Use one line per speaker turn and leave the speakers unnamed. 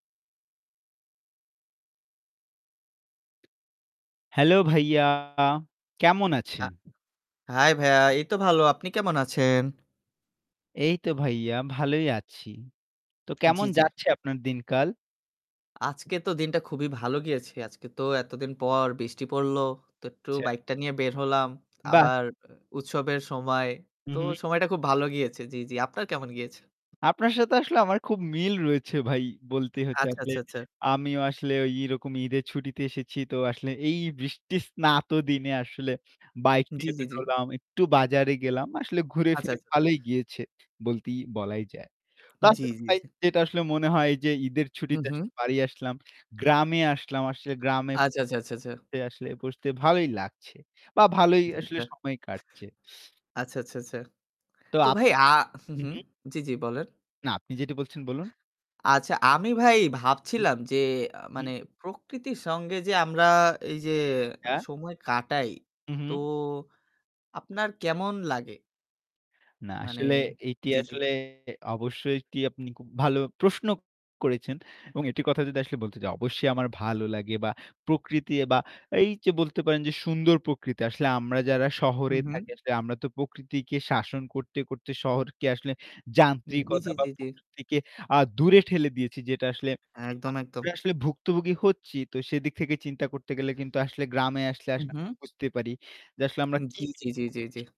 Hello ভাইয়া। কেমন
আ
আছেন?
Hi ভাইয়া, এই তো ভালো। আপনি কেমন আছেন?
এই তো ভাইয়া ভালোই আছি। তো কেমন
জি, জি।
যাচ্ছে আপনার দিনকাল?
আজকে তো দিনটা খুবই ভালো গিয়েছে। আজকে তো এতদিন পর বৃষ্টি পড়লো। তো একটু
আচ্ছা।
bike টা নিয়ে বের হলাম।
বাহ!
আবার আ উৎসবের সময়
উম
তো
হুম।
সময়টা খুব ভালো গিয়েছে। জি, জি। আপনার কেমন গিয়েছে?
আপনার সাথে আসলে আমার খুব মিল রয়েছে ভাই। বলতেই হচ্ছে
আচ্ছা,
আসলে।
আচ্ছা, আচ্ছা।
আমিও আসলে ওই এরকম ঈদের ছুটিতে এসেছি। তো আসলে এই বৃষ্টির স্নাত দিনে আসলে bike
জি,
নিয়ে
জি,
বের
জি।
হলাম। একটু বাজারে গেলাম। আসলে ঘুরে
আচ্ছা,
ফিরে
আচ্ছা, আচ্ছা।
ভালোই গিয়েছে বলতেই বলাই যায়। তো
জি,
আসলে
জি,
ভাই
জি।
যেটা আসলে মনে হয় যে ঈদের
হুম,
ছুটিতে
হুম,
আসলে বাড়ি আসলাম, গ্রামে আসলাম। আসলে গ্রামে
আচ্ছা, আচ্ছা, আচ্ছা, আচ্ছা।
তে আসলে বসতে ভালোই লাগছে বা ভালোই আসলে
আচ্চাচ্চা
সময় কাটছে।
আচ্ছা, আচ্ছা, আচ্ছা।
তো
তো ভাই
আপনার
আ হু,
উম
হুম,
হুম।
জি, জি বলেন।
না, আপনি যেটা বলছেন, বলুন।
আচ্ছা, আমি ভাই ভাবছিলাম যে আ
হুম।
মানে প্রকৃতির সঙ্গে যে আমরা এই যে
অ্যা
সময় কাটাই
হু,
তো
হুম।
আপনার কেমন লাগে?
না,
মানে
আসলে এটি
জি, জি।
আসলে, অবশ্যই একটি আপনি খুব ভালো প্রশ্ন করেছেন এবং এটির কথা যদি আসলে বলতে যাই, অবশ্যই আমার ভালো লাগে বা প্রকৃতি বা এই যে বলতে পারেন যে সুন্দর প্রকৃতি। আসলে আমরা যারা
হু,
শহরে
হুম।
থাকি। আসলে আমরা তো প্রকৃতিকে শাসন করতে, করতে শহরকে আসলে
হুম।
যান্ত্রিকতা
এইযে
বা
জি, জি।
প্রকৃতিকে আ দূরে ঠেলে দিয়েছি। যেটা আসলে,
একদম, একদম।
আমরা আসলে ভুক্তভোগী হচ্ছি। তো সেদিক থেকে চিন্তা করতে গেলে কিন্তু আসলে গ্রামে আসলে,
উ
আসলে আমি
হুম।
বুঝতে পারি। যে আসলে আমরা কি
জি, জি,
মিস
জি, জি,
করছি।
জি।